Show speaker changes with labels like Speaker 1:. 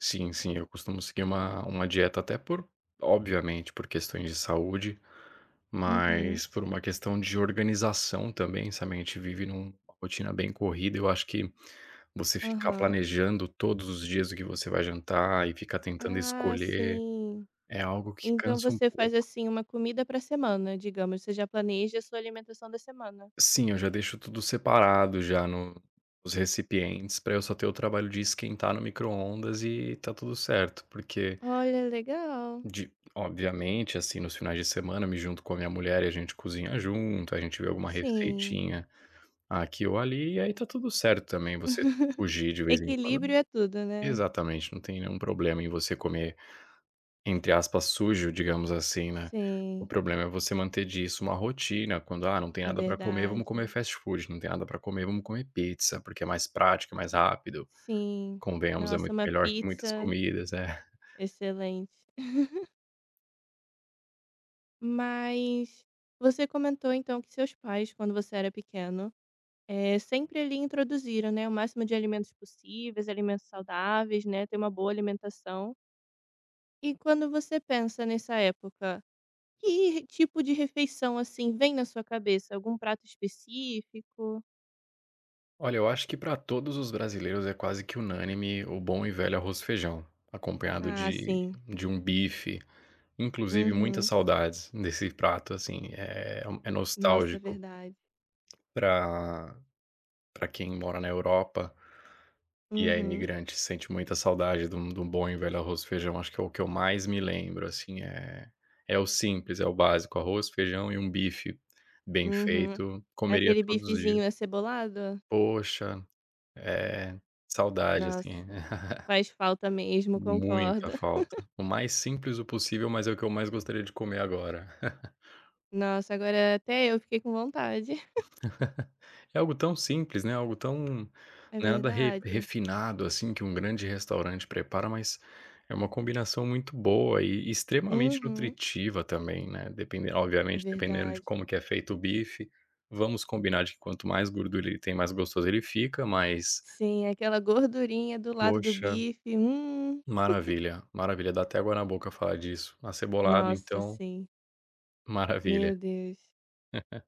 Speaker 1: Sim, sim, eu costumo seguir uma uma dieta até por, obviamente por questões de saúde,
Speaker 2: Uhum.
Speaker 1: mas por uma questão de organização também, sa mente vive num rotina bem corrida, eu acho que, você ficar
Speaker 2: Aham.
Speaker 1: planejando todos os dias o que você vai jantar e ficar tentando
Speaker 2: Ah,
Speaker 1: escolher,
Speaker 2: sim.
Speaker 1: é algo que
Speaker 2: Então
Speaker 1: cansa um
Speaker 2: você faz
Speaker 1: pouco.
Speaker 2: assim, uma comida pra semana digamos, você já planeja a sua alimentação da semana.
Speaker 1: Sim, eu já deixo tudo separado já no os recipientes pra eu só ter o trabalho de esquentar no microondas e tá tudo certo, porque
Speaker 2: Olha, legal.
Speaker 1: de, obviamente assim nos finais de semana eu me junto com a minha mulher e a gente cozinha junto, a gente vê alguma
Speaker 2: Sim.
Speaker 1: receitinha aqui ou ali e aí tá tudo certo também você fugir de vez em quando
Speaker 2: Equilíbrio é tudo, né?
Speaker 1: exatamente, não tem nenhum problema em você comer, entre aspas, sujo, digamos assim, né. O
Speaker 2: Sim.
Speaker 1: problema é você manter disso uma rotina quando: "Ah não tem
Speaker 2: É
Speaker 1: nada pra comer, vamos comer
Speaker 2: verdade.
Speaker 1: fast food! Não tem nada pra comer, vamos comer pizza!", porque é mais prático, é mais rápido.
Speaker 2: Sim,
Speaker 1: Convenhamos, é
Speaker 2: nossa,
Speaker 1: muito
Speaker 2: uma
Speaker 1: melhor que muitas
Speaker 2: pizza.
Speaker 1: comidas, né?
Speaker 2: Excelente. Mas, você comentou então que seus pais quando você era pequeno, eh, sempre ali introduziram, né, o máximo de alimentos possíveis, alimentos saudáveis, né, ter uma boa alimentação. E quando você pensa nessa época, que ri tipo de refeição assim vem na sua cabeça? Algum prato específico?
Speaker 1: Olha, eu acho que pra todos os brasileiros é quase que unânime o bom e velho arroz e feijão, acompanhado
Speaker 2: Ah,
Speaker 1: de
Speaker 2: sim.
Speaker 1: de um bife. Inclusive muitas
Speaker 2: Uhum.
Speaker 1: saudades desse prato assim, eh, hum, é
Speaker 2: Nossa,
Speaker 1: nostálgico
Speaker 2: verdade.
Speaker 1: pra pra quem mora na Europa, e é
Speaker 2: Uhum.
Speaker 1: imigrante, sente muita saudade de um de um bom e velho arroz, feijão, acho que é o que eu mais me lembro assim, eh, é o simples, é o básico, arroz, feijão e um bife, bem
Speaker 2: Uhum.
Speaker 1: feito, comeria
Speaker 2: Aquele
Speaker 1: todos os dia
Speaker 2: bifezinho acebolado?
Speaker 1: Poxa. Eh, saudade assim.
Speaker 2: Nossa, faz falta mesmo,
Speaker 1: Muita
Speaker 2: concordo.
Speaker 1: falta. O mais simples o possível mas é o que eu mais gostaria de comer agora.
Speaker 2: Nossa, agora até eu fiquei com vontade.
Speaker 1: É algo tão simples, né? Algo tão,
Speaker 2: É
Speaker 1: nada re
Speaker 2: verdade.
Speaker 1: refinado assim que um grande restaurante prepara mas, é uma combinação muito boa e extremamente
Speaker 2: Uhum.
Speaker 1: nutritiva também, né, depen
Speaker 2: É
Speaker 1: obviamente dependendo de
Speaker 2: verdade.
Speaker 1: como que é feito o bife, vamos combinar de que quanto mais gordura ele tem mais gostoso ele fica mas
Speaker 2: Sim, aquela gordurinha do lado do
Speaker 1: Poxa.
Speaker 2: bife, hum.
Speaker 1: Maravilha. Maravilha dá até água na boca falar disso, acebolado
Speaker 2: Nossa,
Speaker 1: então.
Speaker 2: sim.
Speaker 1: Maravilha.
Speaker 2: Meu Deus.